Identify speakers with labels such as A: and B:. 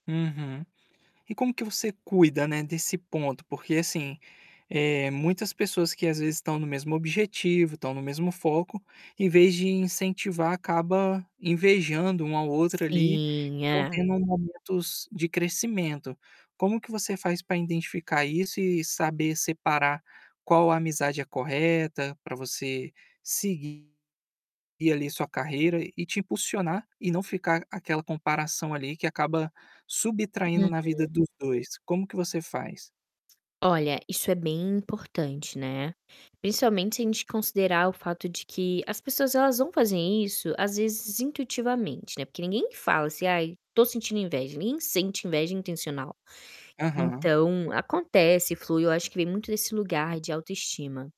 A: Uhum. E como que você cuida, né, desse ponto? Porque assim, eh, muitas pessoas que às vezes estão no mesmo objetivo, estão no mesmo foco, em vez de incentivar acaba invejando um ao outro ali, e
B: Sim,
A: não
B: é.
A: tendo momentos de crescimento. Como que você faz para identificar isso e saber separar qual a amizade é correta, pra você seguir ali sua carreira e te impulsionar e não ficar aquela comparação ali que que acaba subtraindo na
B: Uhum.
A: vida dos 2, como que você faz?
B: Olha, isso é bem importante, né. Principalmente se a gente considerar o fato de que as pessoas elas vão fazer isso às vezes intuitivamente, né, porque ninguém fala assim: "Ai estou sentindo inveja.", ninguém sente inveja intencional.
A: Aham.
B: Então acontece, flui, acho que vem muito desse lugar de autoestima.